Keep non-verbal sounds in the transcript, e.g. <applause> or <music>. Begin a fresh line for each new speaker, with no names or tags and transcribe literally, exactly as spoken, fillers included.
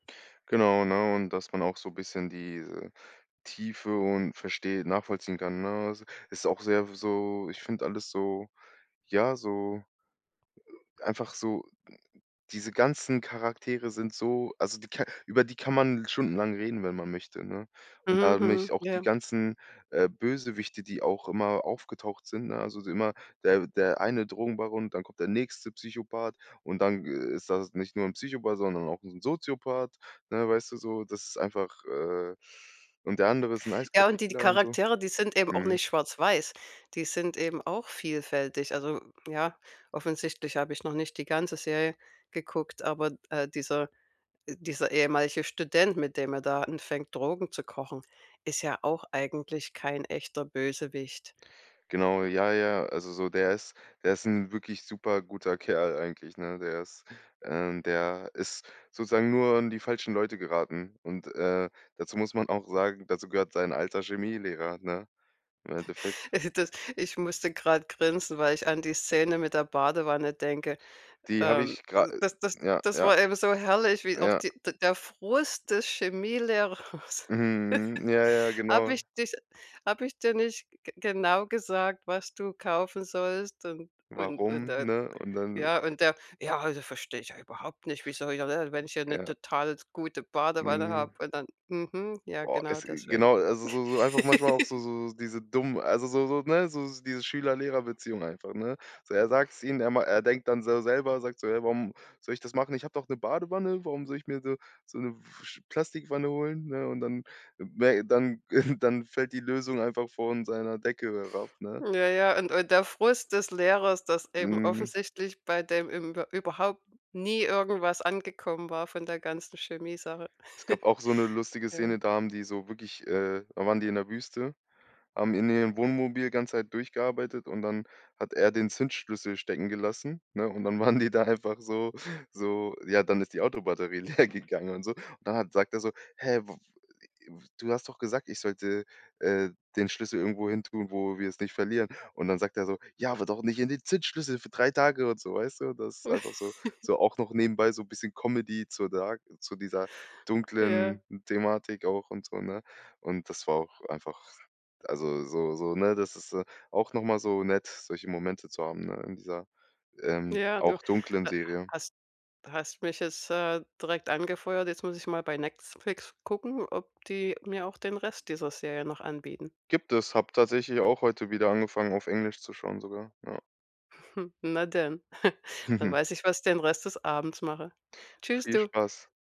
Genau, ne, und, dass man auch so 'n bisschen diese Tiefe und versteht un nachvollziehen kann, ne? Also, ist auch sehr w so ich finde alles so ja, so einfach so diese ganzen Charaktere sind so also, die Char über die kann man l stundenlang reden, wenn man möchte, ne, und
Mhm,
da nämlich
mhm,
auch die
ja.
ganzen, äh, Bösewichte, die auch immer aufgetaucht sind, ne? Also, immer der der eine Drogenbaron, dann kommt der nächste Psychopath und dann ist das nicht nur 'n Psychopath, sondern auch 'n Soziopath, ne, weißt du? So, ddas ist einfach, äh und der andere ist 'n
Ja,
eiskalter
und die
Killer und so.
Charaktere, die sind eben auch
Mhm.
nicht schwarz-weiß, die sind eben auch vielfältig. Also, ja, offensichtlich habe ich noch nicht die ganze Serie geguckt, aber, äh, dieser, äh dieser ehemalige Student, mit dem er da anfängt, Drogen zu kochen, ist ja auch eigentlich kein echter Bösewicht.
Genau, ja, ja, also, so der ist der ist 'n wirklich super guter Kerl eigentlich, ne? Der ist, ähm der ist sozusagen nur an die falschen Leute geraten und, äh dazu muss man auch sagen, dazu gehört sein alter Chemielehrer, ne, im Endeffekt.
<snorts> Äh, das ich musste grad grinsen, weil ich an die Szene mit der Badewanne denke,
Die habe
ähm,
ich gra
das das
ja,
das
ja.
war eben so herrlich, wie auch
Ja.
die d der Frust des Chemielehrers
Mhm, ja, ja,
<chuckles> „Habe ich
genau.
dich habe ich dir nicht g genau gesagt, was du kaufen sollst?“ Und und und
Warum,
der,
ne? Und dann
ja und der: „Ja, also, verstehe ich überhaupt nicht, wie soll hier ne? Wenn ich hier 'ne
Ja.
total s gute Badewanne
Mhm.
habe und dann“, mhm, ja,
Boah,
genau
es
deswegen.
genau, also, so so einfach manchmal auch
<laughs>
so so diese dummen also, so so, ne so diese Schüler-Lehrer-Beziehung einfach, ne? So, er sagt's ihm, er ma er denkt dann so selber, sagt so: „Ja, warum soll ich das machen? Ich habe doch 'ne Badewanne, warum soll ich mir so so 'ne Plastikwanne holen“, ne? Und dann wä dann <chuckles> dann fällt die Lösung einfach von seiner Decke herab, ne?
Ja, ja, und und der Frust des Lehrers, dass eben
Mhm.
offensichtlich bei dem im wa überhaupt nie irgendwas angekommen war von der ganzen Chemie-Sache.
Es gab
<chuckles>
auch so 'ne lustige
Ja.
Szene, da haben die so wirklich äh, da waren die in der Wüste, haben in ihrem Wohnmobil ganze Zeit durchgearbeitet und dann hat er den Zündschlüssel stecken gelassen, ne, und dann waren die da einfach so so ja dann ist die Autobatterie leer gegangen und so. Und dann hat sagt er so: „Hä, <unintelligible> du hast doch gesagt, ich sollte, äh, den Schlüssel irgendwo hin tun, wo wir es nicht verlieren.“ Und dann sagt er so: „Ja, aber doch nicht in den Zündschlüssel für drei Tage“ und so, weißt du? Das ist einfach so
<chuckles>
so auch noch nebenbei so bisschen Comedy zu dark zu dieser
Ja.
dunklen Thematik auch und so, ne, und das war auch einfach also, so so ne? Das ist, äh, auch noch mal so nett, solche Momente zu haben, ne, in dieser, ähm,
Ja, du
auch dunklen
ha
Serie.
hast hast mich jetzt, äh, direkt angefeuert. Jetzt muss ich mal bei Netzflix gucken, ob die mir auch den Rest dieser Serie noch anbieten.
Gibt es, habe tatsächlich auch heute wieder angefangen, auf Englisch zu schauen sogar, ja.
<chuckles> Na denn, <chuckles> dann
<chuckles>
weiß ich, was ich den Rest des Abends mache. Tschüss,
Viel
du.
Spaß.